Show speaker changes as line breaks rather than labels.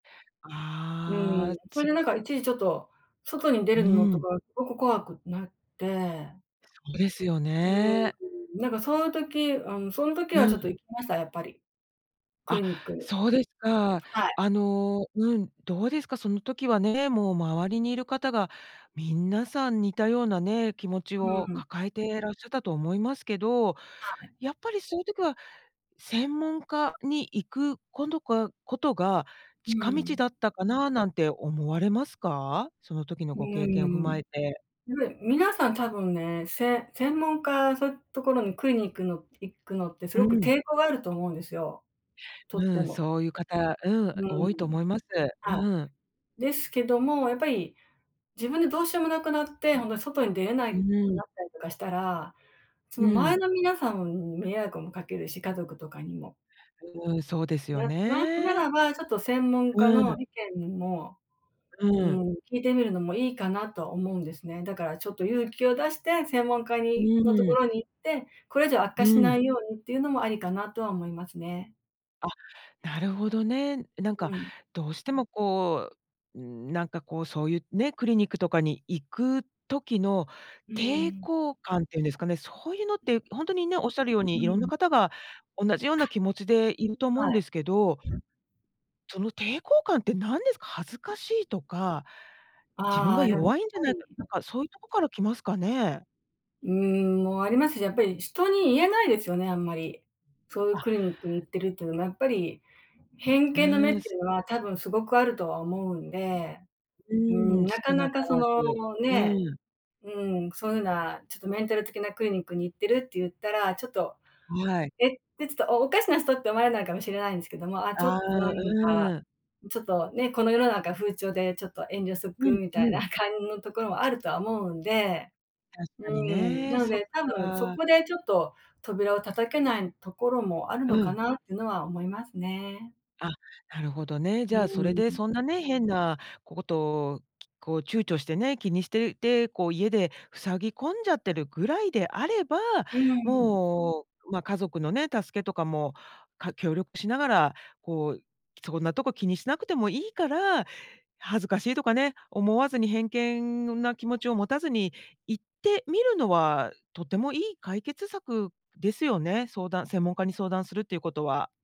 う
ああ、
ん、それ
つ
でなんか、一時ちょっと外に出
う
るの
ー
と
ん。
か、ごく怖くなって
そうですよ
う
ね。
ーん、なんか、そう言う時、あの、その時は、
う
ちょっと
ん。
行きました、やっぱり。ク
あ、
リニック、
そうですか。
はい。
あの、うん、どうですか、その時はね、もう周りにいる方が、みんなさん似たようなね、気持ち
う
を
ん。
抱えてらっしゃったと思いますけど、
はい。
やっぱり、そういう時は、専門家に行く今度が事が、
う
近
ー
道
ん。
だったかな、なんて思われますか？その時の
う
ご経験踏
ー
ま
ん。
えて。
うべ皆さん多分ね、せ専門家、そう言う所にクリニックの行くのって、す
う
ごく
ん。
抵抗があると思うんですよ。とっ
う
て
ん、
も。
そうゆう方、う
う
ん、
ー
多いと
ん。
思います。
はい。
うん。
ですけども、やっぱり、自分でどうしようもなくなって、本当に外に出れな
う
いく
ーん。
なったりとかしたら、そ
う
の前
ん。
の皆さんに迷惑も掛けるし、家族とかにも。
うーん、そうですよ
ななな
ね。
らば、ちょっと専門家
う
の
ん。
意見も、
う
うー
ん。
ん、聞いてみるのもいいかな、とは思うんですね。だから、ちょっと勇気を出して、専門家
う
にの
ーん。
所に行って、これ以上悪
う
化しな
ん。
いようにっていうのもありかなとは思いますね。
あ、なるほどね。なんか、
うん。
どうしてもこう、うーん、なんかこう、そうゆうね、クリニックとかに行く時の
う
抵
ん。
抗感って言うんですかね、そうゆうのって、本当にね、おっしゃるよう
う
に、色んな
ん。
方が同じような気持ちでいると思う
は
んですけど、
い。
その抵抗感って何ですか、恥ずかしいとか、自分
あ
が
あ、やっ
弱いんじゃ
ぱ
ないか、な
り
んかそう言うとこから来ますかね？
うーん、も、ありますし、やっぱり人に言えないですよね、あんまり。そういう
あ。
クリニックに行ってるっていうのもやっぱり、偏
う
見の目っ
ー
て
ん、す
言うのは、多分すごくあるとは思うんで。
う
うー
ーん、
ん、なか
少な
な
か
か、そ
らず。
の、ね、
うん。
うん、そういうな、ちょっとメンタル的なクリニックに行ってるって言ったら、ちょっと、
はい。
えって、ちょっとおかしな人って思われないかもしれないんですけども、ああ、ちょ
ああ、
っとなんか、
うん。
ちょっとね、この世の中風潮で、ちょっと遠慮しと
う
く、
ん、
み
う
たいな
ん。
感のところもあるとは思うんで。
確
う
かに
ーん、な
ね。
の
そっ
で、多分そ
か。
こで、ちょっと扉を叩けないところもある
う
のか
ん。
なってのは思いますね。
あ、なるほどね。
う
じゃあそれ
ー
で、
ん。
そんなね、変な事をこう躊躇してね、気にしてて、こう家で塞ぎ込んじゃってるぐらいであれば、
うーん。
もう、ま、家族のね、助けとかも、か協力しながら、こう、そんなとこ気にしなくてもいいから、恥ずかしいとかね、思わずに、偏見な気持ちを持たずに、行ってみるのは、とてもいい解決策ですよね。相談専門家に相談するって言う事は。